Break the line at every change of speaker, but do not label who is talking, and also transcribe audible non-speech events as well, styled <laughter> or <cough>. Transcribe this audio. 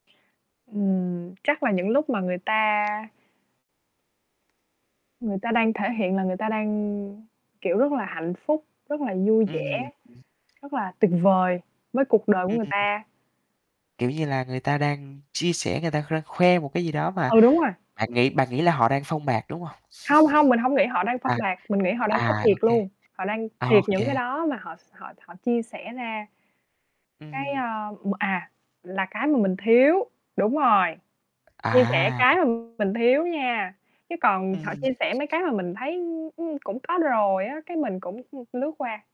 Ừm, chắc là những lúc mà người ta Người ta đang thể hiện là người ta đang, kiểu, rất là hạnh phúc, rất là vui vẻ,
Ừm.
rất là tuyệt vời với cuộc đời của
Ừm.
người ta.
Kiểu như là, người ta đang chia sẻ, người ta rang khoe một cái gì đó, mà
Ừ, đúng rồi.
bạn nghĩ bạn nghĩ là họ đang phông bạt, đúng hông?
Hông, hông, mình hông nghĩ họ đang
<laughs>
phông
À,
bạt, mình nghĩ họ đang có
à, ô
thiệt
kê.
luôn, họ đang
Ô
thiệt những cái
kê.
đó mà họ s họ họ chia sẻ ra. Cái,
Ừm.
a, m à, là cái mà mình thiếu, đúng rồi, chia sẻ
À.
cái mà mình thiếu nha, chứ còn họ
Ừm.
chia sẻ mấy cái mà mình thấy, ưm, ưm, cũng có rồi á, cái mình cũng lướt qua.